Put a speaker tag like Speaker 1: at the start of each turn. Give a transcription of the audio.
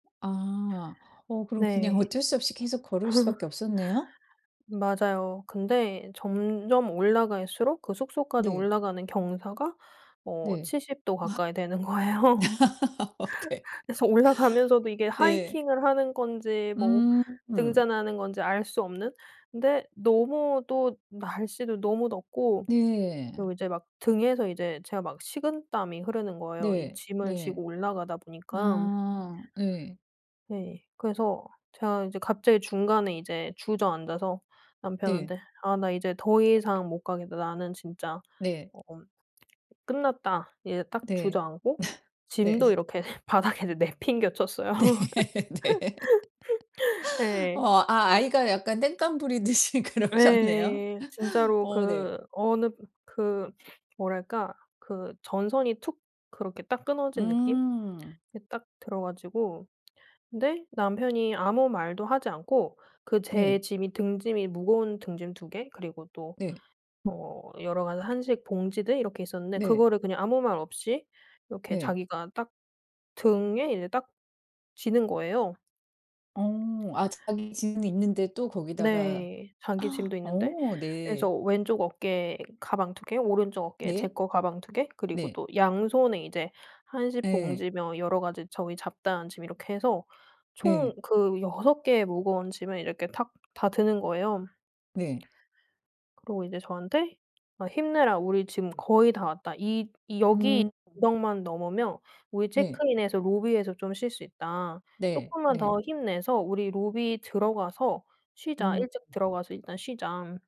Speaker 1: 아. 어 그럼 그냥
Speaker 2: 네.
Speaker 1: 어쩔 수 없이 계속 걸을 수 밖에 없었네요?
Speaker 2: 맞아요. 근데 점점 올라갈수록 그 숙소까지
Speaker 1: 네.
Speaker 2: 올라가는 경사가 어
Speaker 1: 네.
Speaker 2: 70 도
Speaker 1: 아.
Speaker 2: 가까이 되는 거예요.
Speaker 1: 네.
Speaker 2: 그래서 올라가면서도 이게
Speaker 1: 네.
Speaker 2: 하이킹을 하는 건지 뭐
Speaker 1: 음.
Speaker 2: 등산하는 건지 알 수 없는? 근데 너무 또 날씨도 너무 덥고
Speaker 1: 네.
Speaker 2: 그리고 이제 막 등에서 이제 제가 막 식은땀이 흐르는 거예요 이
Speaker 1: 네.
Speaker 2: 짐을 지고
Speaker 1: 네.
Speaker 2: 올라가다 보니깐.
Speaker 1: 아 예.
Speaker 2: 네. 그래서 제가 이제 갑자기 중간에 이제 주저앉아서
Speaker 1: 네.
Speaker 2: 남편한테 "아 나 이제 더 이상 못 가겠다. 나는 진짜
Speaker 1: 네.
Speaker 2: 어엄 끝났다." 이제 딱
Speaker 1: 네.
Speaker 2: 주저앉고 짐도
Speaker 1: 네.
Speaker 2: 이렇게 바닥에다 내팽개 쳤어요.
Speaker 1: 네. 네.
Speaker 2: 예.
Speaker 1: 어 아 아이가 약간 땡강 부리듯이 그러셨네요.
Speaker 2: 예. 진짜로
Speaker 1: 어 네.
Speaker 2: 그 어느 그 뭐랄까? 그 전선이 툭 그렇게 딱 끊어진 느낌?
Speaker 1: 음.
Speaker 2: 이 딱 들어 가지고 근데 남편이 아무 말도 하지 않고 그 제
Speaker 1: 네.
Speaker 2: 짐이 등짐이 무거운 등짐 2 개 그리고 또
Speaker 1: 네.
Speaker 2: 뭐 여러 가지 한식 봉지들 이렇게 있었는데
Speaker 1: 네.
Speaker 2: 그거를 그냥 아무 말 없이 이렇게
Speaker 1: 네.
Speaker 2: 자기가 딱 등에 이제 딱 지는 거예요.
Speaker 1: 어. 아 자기 짐이 있는데 또 거기다가
Speaker 2: 네. 자기 짐도 있는데.
Speaker 1: 어 네.
Speaker 2: 그래서 왼쪽 어깨에 가방 2 개 오른쪽 어깨에 제
Speaker 1: 네.
Speaker 2: 거 가방 2 개 그리고
Speaker 1: 네.
Speaker 2: 또 양손에 이제 한식
Speaker 1: 네.
Speaker 2: 봉지며 여러 가지 저의 잡다한 짐 이렇게 해서
Speaker 1: 네.
Speaker 2: 총 그 6 개의 무거운 짐을 이렇게 탁 다 드는 거예요.
Speaker 1: 네.
Speaker 2: 그러고 이제 저한테 "아 힘내라. 우리 지금 거의 다 왔다. 이 이 여기
Speaker 1: 음. 음.
Speaker 2: 구역만 넘으면 우리
Speaker 1: 네.
Speaker 2: 체크인해서 로비에서 좀 쉴 수 있다.
Speaker 1: 네.
Speaker 2: 쪼끔만 더
Speaker 1: 네.
Speaker 2: 힘내서 우리 로비 들어가서 쉬자.
Speaker 1: 음.
Speaker 2: 일찍
Speaker 1: 음.
Speaker 2: 들어가서 일단 쉬자."